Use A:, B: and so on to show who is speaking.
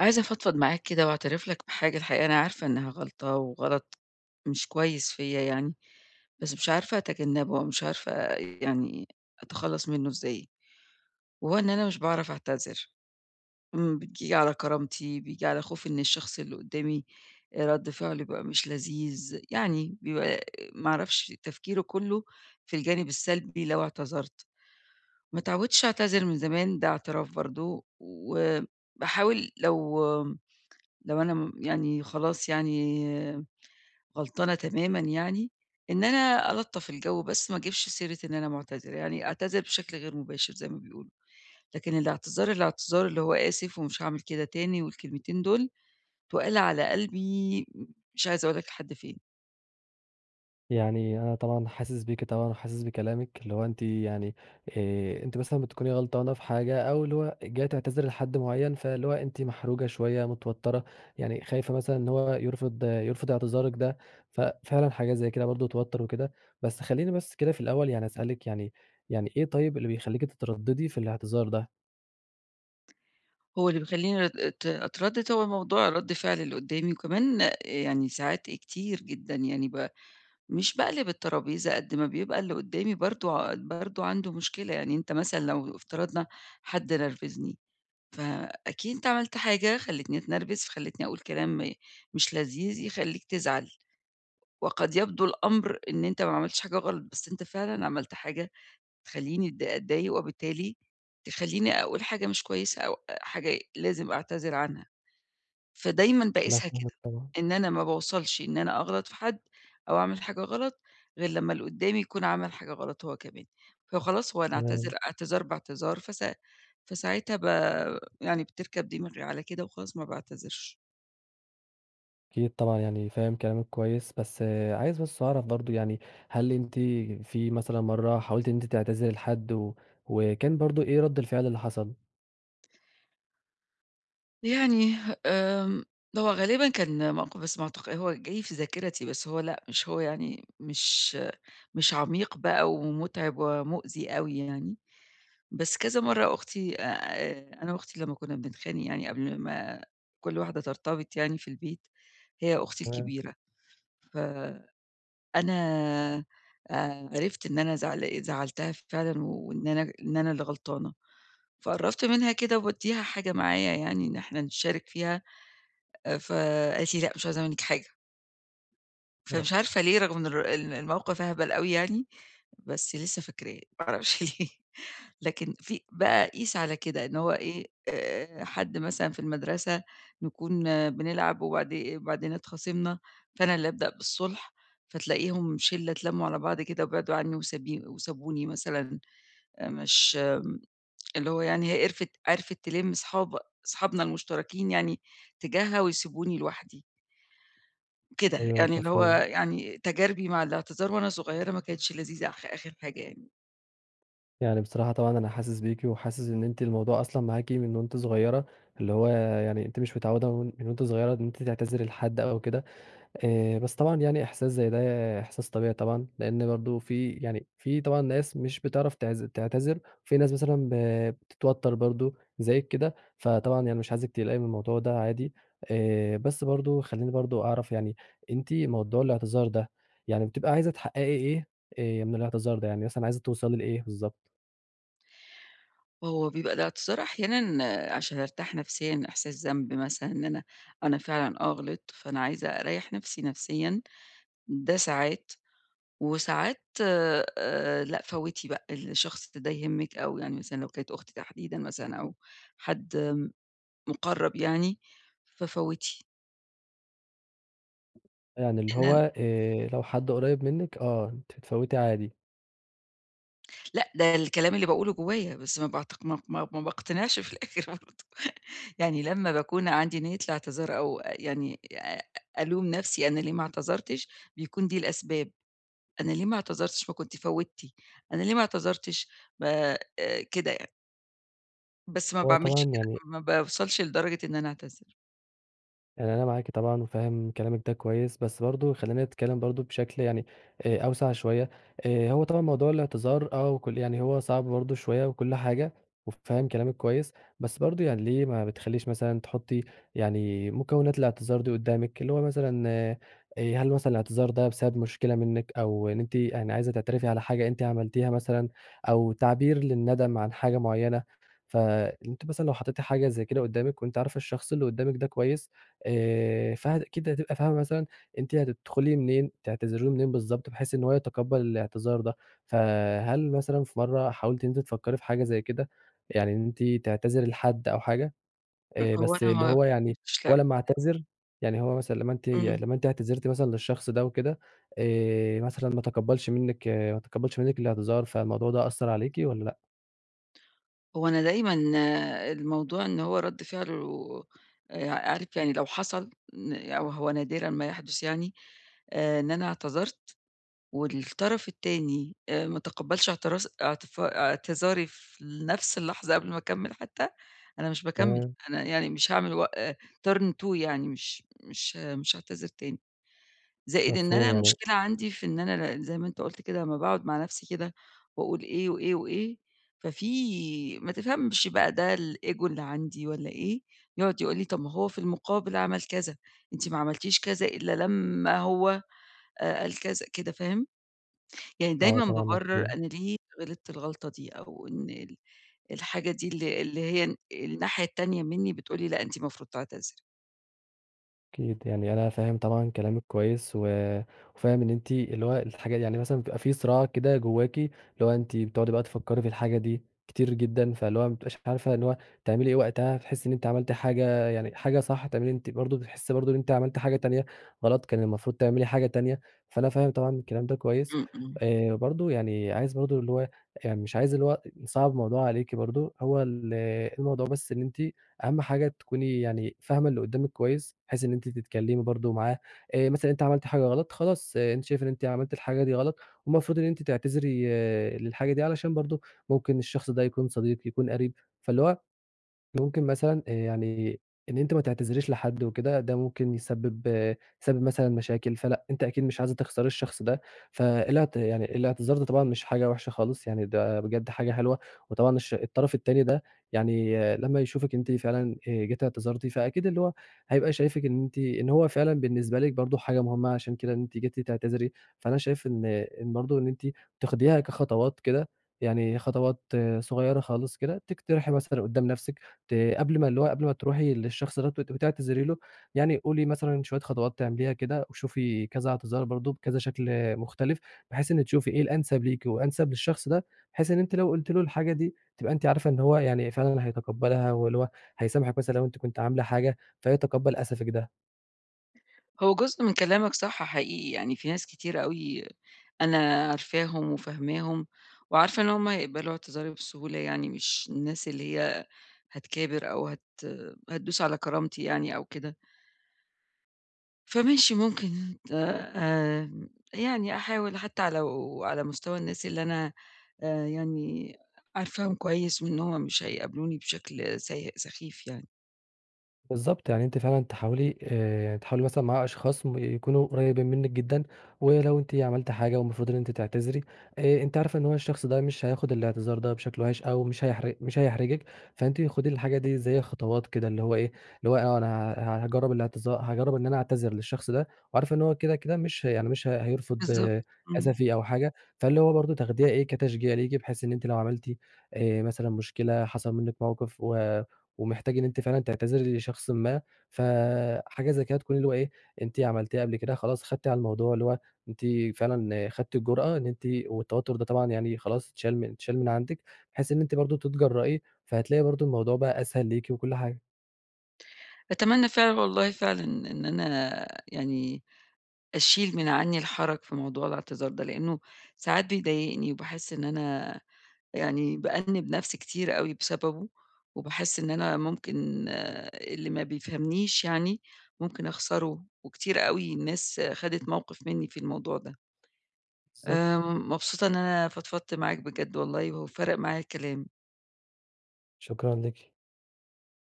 A: عايزة أفضفض معاك كده وأعترف لك بحاجة الحقيقة، أنا عارفة إنها غلطة وغلط مش كويس فيَّ يعني، بس مش عارفة أتجنبه أو مش عارفة يعني أتخلص منه إزاي. وهو إن أنا مش باعرف أعتذر. اما بييجي على كرامتي، بييجي على خوفي إن الشخص اللي قدّامي رد فعله يبقى مش لذيذ. يعني بيبقى ما أعرفش تفكيره كله في الجانب السلبي لو اعتذرت. ما اتعودتش أعتذر من زمان ده اعتراف برضه و باحاول لو لو أنا يعني خلاص يعني غلطانة تمامًا يعني، إن أنا ألطَّف الجو بس ما اجيبش سيرة إن أنا معتذرة، يعني أعتذر بشكل غير مباشر زي ما بيقولوا. لكن الاعتذار، الاعتذار اللي هو آسف ومش هاعمل كده تاني والكلمتين دول، تُقال على قلبي مش عايزة أقول لك لحد فين.
B: يعني أنا طبعًا حاسس بيكِ طبعًا، وحاسس بكلامِك، اللي هو أنتِ يعني آآ، أنتِ مثلًا بتكوني غلطانة في حاجة أو اللي هو جاية تعتذري لحد معين فاللي هو أنتِ محروجة شوية، متوترة يعني خايفة مثلًا إن هو يرفض يرفض إعتذارِك ده. ففعلًا حاجة زي كده برضه توتر وكده. بس خليني بس كده في الأول يعني أسألِك، يعني يعني إيه طيب اللي بيخليكِ تترددي في الإعتذار ده؟
A: هو اللي بيخليني أت أتردد هو موضوع رد فعل اللي قدامي، وكمان يعني ساعات كتير جدًا يعني ب مش باقلِب الترابيزة قد ما بيبقى اللي قدامي برضه ع برضه عنده مشكلة، يعني أنت مثلًا لو افترضنا حد نرفزني، فأكيد أنت عملت حاجة خلتني أتنرفز، فخلتني أقول كلام مش لذيذ يخليك تزعل، وقد يبدو الأمر إن أنت ما عملتش حاجة غلط بس أنت فعلًا عملت حاجة تخليني أت أتضايق، وبالتالي تخليني أقول حاجة مش كويسة أو أ حاجة لازم أعتذر عنها، فدايمًا
B: أنا
A: باقيسها
B: فاهمِك
A: كده
B: طبعًا.
A: إن أنا ما باوصلش إن أنا أغلط في حد أو أعمل حاجة غلط غير لما اللي قدامي يكون عمل حاجة غلط هو كمان، فخلاص هو أنا أعتذر،
B: تمام.
A: اعتذار باعتذار ف فـساعتها ب يعني بتركب دماغي على كده وخلاص ما باعتذرش.
B: أكيد طبعًا يعني فاهم كلامِك كويس، بس عايز بس أعرف برضه يعني هل أنتِ في مثلًا مرة حاولتِ إن أنتِ تعتذري لحد و وكان برضه إيه رد الفعل اللي حصل؟
A: يعني آمم هو غالبًا كان موقِف بس معتق هو جاي في ذاكرتي، بس هو لأ، مش هو يعني مش مش عميق بقى ومُتعِب ومُؤذي أوي يعني. بس كذا مرّة أختي آآ أنا وأختي لمّا كُنّا بنتخانق يعني قبل ما كل واحدة ترتبط يعني في البيت، هي أختي
B: إمم.
A: الكبيرة، ف أنا آآ عرفت إن أنا زعل زعَّلتها فعلًا وإن أنا إن أنا اللي غلطانة، فقرَّبت منها كده وبادّيها حاجة معايا يعني أن إحنا نشارك فيها، آآ فقالِت لي: "لأ، مش عايزة منِّك حاجة."
B: آه.
A: فمش عارفة ليه رغم الر إن الموقِف أهبل أوي يعني، بس لسّه فاكراه ما أعرفش ليه. لكن في بقى قِيس على كده إن هو إيه، آآ حد مثلًا في المدرسة نكون بنلعب وبعدي وبعدين اتخاصمنا، فأنا اللي أبدأ بالصُلْح، فتلاقيهم شِلّة اتلَّموا على بعض كده وبعدوا عنّي وسبي وسابوني مثلًا آآ مش م اللي هو يعني هي قرفِت عرِفِت تِلِم صحاب صحابنا المُشترَكين يعني تجاهها ويسيبوني لوحدي. كده،
B: أيوه
A: يعني اللي هو
B: مفهوم.
A: يعني تجاربي مع الاعتذار وأنا صغيرة ما كانتش لذيذة آخ آخِر حاجة يعني.
B: يعني بصراحة، طبعًا أنا حاسس بيكِ وحاسس إن أنتِ الموضوع أصلًا معاكِ من وأنتِ صغيرة، اللي هو يعني أنتِ مش متعودة من وأنتِ صغيرة إن أنتِ تعتذري لحد أو كده آآ بس طبعًا يعني إحساس زي ده إحساس طبيعي طبعًا، لأن برضه في يعني في طبعًا ناس مش بتعرف تعز تعتذر في ناس مثلًا ب بتتوتر برضه زيك كده، فطبعًا يعني مش عايزِك تقلقي من الموضوع ده عادي. آآ، بس برضه خليني برضه أعرف يعني أنتِ موضوع الإعتذار ده يعني بتبقي عايزة تحققي إيه آآ من الإعتذار ده، يعني مثلًا عايزة توصلي لإيه بالضبط؟
A: هو بيبقى الإعتذار أحيانًا عشان أرتاح نفسيًا، إحساس ذنب مثلًا إن أنا أنا فعلًا آه، غلطت، فأنا عايزة أريح نفسي نفسيًا ده ساعات، وساعات آآ، لأ فوتي بقى، الشخص ده يهمِك أو يعني مثلًا لو كانت أختي تحديدًا مثلًا أو حد مُقرب يعني ففوتي.
B: يعني اللي
A: إحنا ن
B: هو آآ لو حد قريب منِك آآ ت تفوتي عادي.
A: لأ، ده الكلام اللي باقوله جوّايا بس ما باعتق ما ما ما باقتنعش في الآخر برضه، يعني لما باكون عندي نية الإعتذار أو يعني آآ ألوم نفسي أنا ليه ما اعتذرتش بيكون دي الأسباب. أنا ليه ما اعتذرتش ما كنتِ فوتِّي، أنا ليه ما اعتذرتش ب كده يعني. بس ما
B: هو
A: باعملش
B: طبعًا
A: كده،
B: يعني
A: ما باوصلش لدرجة إن أنا أعتذر.
B: يعني أنا معاكِ طبعًا، و فاهم كلامِك ده كويس، بس برضه خلّينا نتكلِّم برضه بشكل يعني آآ أوسع شوية، آآ هو طبعًا موضوع الاعتذار آه، وكُلّ يعني هو صعب برضه شوية وكُلّ حاجة، وفاهم كلامِك كويس، بس برضه يعني ليه ما بتخلّيش مثلًا تحُطي يعني مكونات الاعتذار دي قُدامِك، اللي هو مثلًا آآ هل مثلًا الاعتذار ده بسبب مشكلة منِك، أو إن أنتِ آآ عايزة تعترفي على حاجة أنتِ عملتيها مثلًا، أو تعبير للندم عن حاجة مُعيّنة، ف أنتِ مثلًا لو حطيتي حاجة زي كده قُدامِك، وأنتِ عارفة الشخص اللي قُدامِك ده كويس، آآ فأكيد هتبقى فاهمة مثلًا أنتِ هتدخلي منين تعتذري له منين بالضبط، بحيث إن هو يتقبل الاعتذار ده، فهل مثلًا في مَرّة حاولتِ إن أنتِ تفكري في حاجة زي كده، يعني إن أنتِ تعتذري لحد أو حاجة، آآ
A: هو
B: بس
A: أنا
B: اللي
A: ما
B: هو يعني هو لمّا
A: [unintelligible]
B: يعتذر يعني هو مثلًا لمّا أنتِ
A: امم.
B: لمّا أنتِ اعتذرتي مثلًا للشخص ده وكده، آآ مثلًا ما تقبلش منِك ما تقبلش منِك الاعتذار فالموضوع ده أثر عليكِ والّا لأ؟
A: هو أنا دايمًا الموضوع إن هو رَدّ فعله آآعارف يعني لو حصل أو هو نادرًا ما يحدث يعني، آآ إن أنا اعتذرت، والطرف التاني آآ ما تقبلش اعتراز اعت اعتذاري في نفس اللحظة قبل ما أكمل حتى، أنا مش باكمل،
B: تمام.
A: أنا يعني مش هاعمل وق آآ Turn two يعني، مش مش مش هاعتذر تاني، زائد إن
B: مفهوم
A: أنا
B: يعني
A: المشكلة عندي في إن أنا ن زي ما أنت قُلت كده لمّا باقعُد مع نفسي كده، وأقول إيه وإيه وإيه، ففي ما تفهمش بقى ده الEgo اللي عندي والّا إيه، يقعد يقول لي طَب هو في المُقابل عمل كذا، أنتِ ما عملتيش كذا إلا لمّا هو آآ قال كذا كده فاهم، يعني
B: آه،
A: دايمًا
B: طبعًا
A: بابرر
B: مفهوم.
A: أنا ليه غلطت الغلطة دي، أو إن ال الحاجة دي اللي اللي هي الناحية التانية مِنّي بتقول لي لأ، أنتِ المفروض تعتذري.
B: أكيد يعني أنا فاهم طبعًا كلامِك كويّس، و وفاهم إن أنتِ اللي هو الحاجة دي يعني مثلًا بتبقى في صِراع كده جوّاكِ، اللي هو أنتِ بتقعُدي بقى تفكّري في الحاجة دي كتير جدًا، فاللي هو ما بتبقيش عارفة إن هو تعملي إيه وقتها، هتحسّي إن أنتِ عملتِ حاجة يعني حاجة صح، هتعملِ أنتِ برضه بتحسِي برضه إن أنتِ عملتِ حاجة تانية غلط كان المفروض تعملي حاجة تانية، فأنا فاهم طبعًا الكلام ده كويّس،
A: إمم، إمم.
B: إيه برضه يعني عايز برضه اللي هو إي يعني مش عايز اللي هو أ نصعّب الموضوع عليكِ برضه، هو ال الموضوع بس إن أنتِ أهم حاجة تكوني يعني فاهمة اللي قدّامِك كويّس بحيث إن أنتِ تتكلّمي برضه معاه، إيه مثلًا أنتِ عملتِ حاجة غلط خلاص أنتِ شايفه إن أنتِ عملتِ الحاجة دي غلط والمفروض إن أنتِ تعتذري للحاجة دي علشان برضه ممكن الشخص ده يكون صديق، يكون قريب، فاللي هو، ممكن مثلًا آآ يعني إن أنتِ ما تعتذريش لحد وكده ده ممكن يسبب آآ يسبب مثلًا مشاكل، فلأ أنتِ أكيد مش عايزة تخسري الشخص ده، فالاعت يعني الاعتذار ده طبعًا مش حاجة وحشة خالص يعني ده بجد حاجة حلوة، وطبعًا الش الطرف التاني ده يعني لما يشوفِك أنتِ فعلًا آآ جيتِ اعتذرتِ فأكيد اللي هو هيبقى شايفِك إن أنتِ إن هو فعلًا بالنسبة لِك برضه حاجة مهمة عشان كده إن أنتِ جيتِ تعتذري، فأنا شايف إن إن برضه إن أنتِ تاخديها كخطوات كده يعني خطوات صغيّرة خالص كده، تقترحي مثلًا قدّام نفسِك ت قبل ما اللي هو قبل ما ترُوحي للشخص دَوّة وتبقي تعتذري له، يعني قُولي مثلًا شويّة خطوات تعمليها كده، وشوفي كذا اعتذار برضه بكذا شكل آآ مختلف بحيث إن تشوفي إيه الأنسب ليكِ وأنسب للشخص ده، بحيث إن أنتِ لو قُلتِ له الحاجة دي تبقى أنتِ عارفة إن هو يعني فعلًا هيتقبّلها واللي هو هيسامحِك مثلًا لو أنتِ كنتِ عاملة حاجة فيتقبّل أسفِك ده.
A: هو جزء من كلامك صح حقيقي يعني في ناس كتير أوي أنا عارفاهم وفاهماهم وعارفة إن هُم هيقبَلوا اعتذاري بسهولة يعني، مش الناس اللي هي هتكابر أو هت هتدوس على كرامتي يعني أو كده. فماشي ممكن آآ يعني أحاول حتى لو على مستوى الناس اللي أنا يعني عارفاهم كويس وإن هُم مش هيقابلوني بشكل سيء سخيف يعني.
B: بالضبط يعني أنتِ فعلًا تحاولي آآ تحاولي مثلًا مع أشخاص يكونوا قريبين منِك جدًا، ولو أنتِ عملتِ حاجة ومفروض إن أنتِ تعتذري آآ أنتِ عارفة إن هو الشخص ده مش هياخد الاعتذار ده بشكل وِحِش أو مش هيح مش هيحرجِك، فأنتِ خدي الحاجة دي زي خطوات كده اللي هو إيه، اللي هو آه أ أنا ه هاجرَّب الاعتذا هاجرَّب إن أنا أعتذر للشخص ده وعارفة إن هو كده كده مش يعني مش هيرفض
A: بالضبط. إمم.
B: أسفي أو حاجة، فاللي هو برضو تاخديها إيه كتشجيع ليكِ بحيث إن أنتِ لو عملتِ آآ مثلًا مشكلة حصل منِك موقف و ومحتاج إن أنتِ فعلًا تعتذري لشخصٍ ما ف حاجة زي كده تكون اللي هو إيه أنتِ عملتيها قبل كده، خلاص خدتِ على الموضوع، اللي هو أنتِ فعلًا خدتِ الجرأة إن أنتِ والتوتر ده طبعًا يعني خلاص اتشال اتشال من عندِك، بحيث إن أنتِ برضو تتجرئي، فهتلاقي برضو الموضوع بقى أسهل ليكِ وكل حاجة.
A: أتمنى فعلًا والله فعلًا إن أنا يعني أشيل من عني الحرج في موضوع الاعتذار ده، لأنه ساعات بيضايقني وباحس إن أنا يعني بأنِّبْ نفْسي كتير أوي بسببه، وباحس إن أنا ممكن اللي ما بيفهمنيش يعني ممكن أخسره، وكتير أوي ناس خدت موقف مني في الموضوع ده. آآ
B: بالضبط.
A: مبسوطة إن أنا فضفضت معاك بجد والله وفرَق معايا الكلام.
B: شكرًا ليكِ.